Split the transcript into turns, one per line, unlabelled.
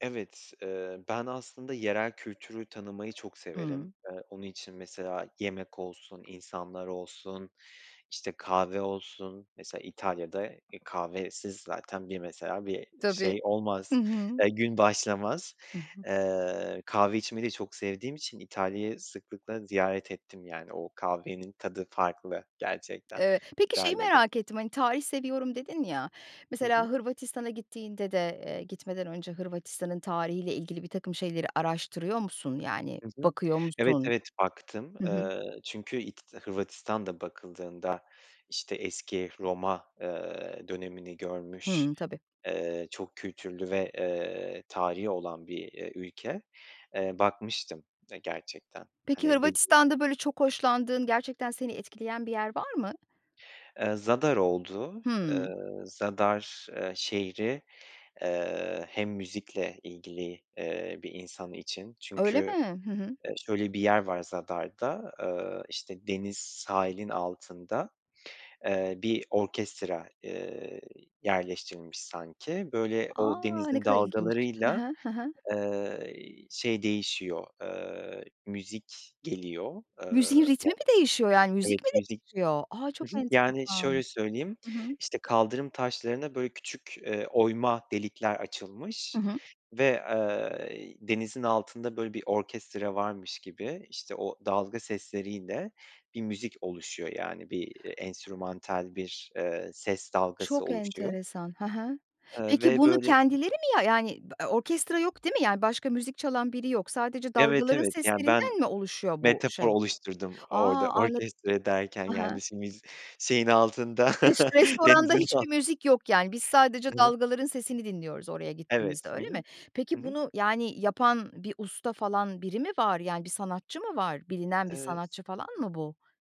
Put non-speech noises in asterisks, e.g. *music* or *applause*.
Evet, eee, ben aslında yerel kültürü tanımayı çok severim.
Hıı.
Eee, onun için mesela yemek olsun, insanlar olsun, işte, kahve olsun. Mesela, İtalya'da, e, kahvesiz zaten bir mesela bir
Tabii.
şey
Hı
olmaz,
hı.
eee, gün başlamaz.
Hı hı.
Eee, kahve içmeyi de çok sevdiğim için İtalya'yı sıklıkla ziyaret ettim, yani, o kahvenin tadı farklı gerçekten
Eee, peki, şeyi
İtalya'da.
merak ettim, hani, "Tarih seviyorum." dedin ya.
Hı hı.
Mesela, Hırvatistan'a gittiğinde de, eee, gitmeden önce Hırvatistan'ın tarihi ile ilgili birtakım şeyleri araştırıyor musun? Yani,
Hı hı.
bakıyor
Evet,
musun?
evet baktım.
Hı hı.
Eee, çünkü İt Hırvatistan da bakıldığında, işte, eski Roma, eee, dönemini görmüş,
Hımm, tabii.
eee, çok kültürlü ve, eee, tarihi olan bir, eee, ülke. Eee, bakmıştım, eee, gerçekten,
Peki,
hani, dediğim *unintelligible*
Hırvatistan'da, böyle, çok hoşlandığın, gerçekten seni etkileyen bir yer var mı?
Eee, Zadar oldu. Eee,
Hımm.
Zadar, eee, şehri, eee, hem müzikle ilgili, eee, bir insan için.
Öyle
Çünkü,
mi? Hı hı.
eee, şöyle bir yer var Zadar'da, eee, işte, deniz sahilin altında. Eee, bir orkestra, eee, yerleştirilmiş sanki. Böyle, o
A! Ne
denizin
kadar ilginç. Hı
dalgalarıyla,
hı, hı hı.
eee, şey değişiyor, eee, müzik geliyor. Eee
Müziğin ritmi
*unintelligible*
mi değişiyor? Yani,
Evet
müzik mi
müzik
değişiyor? A,
Hı
çok
hı. Yani, şöyle
enteresan!
söyleyeyim,
Hı hı.
işte, kaldırım taşlarına, böyle, küçük, eee, oyma delikler
Hı
açılmış
hı.
ve, eee, denizin altında, böyle, bir orkestra varmış gibi, işte, o dalga sesleriyle bir müzik oluşuyor. Yani, bir, eee, enstrümantal bir, eee, ses dalgası
Çok
oluşuyor.
enteresan! Ha ha.
Eee,
Peki,
ve,
bunu
böyle
kendileri mi, ya yani, orkestra yok, değil mi? Yani, başka müzik çalan biri yok. Sadece
Evet,
dalgaların
evet, yani, ben
seslerinden mi oluşuyor bu
metafor
şey?
oluşturdum
A,
orada
anlad
orkestra derken,
Ha
yani,
ha.
işte, müz şeyin altında,
Res
*chuckles*
restoranda
denizin al
hiçbir müzik yok, yani, biz sadece
Hı hı.
dalgaların sesini dinliyoruz oraya gittiğimizde,
Evet. Hı
öyle mi?
hı. Hı
Peki,
hı.
bunu, yani, yapan bir usta falan, biri mi var? Yani, bir sanatçı mı var? Bilinen bir
Evet.
sanatçı falan mı bu?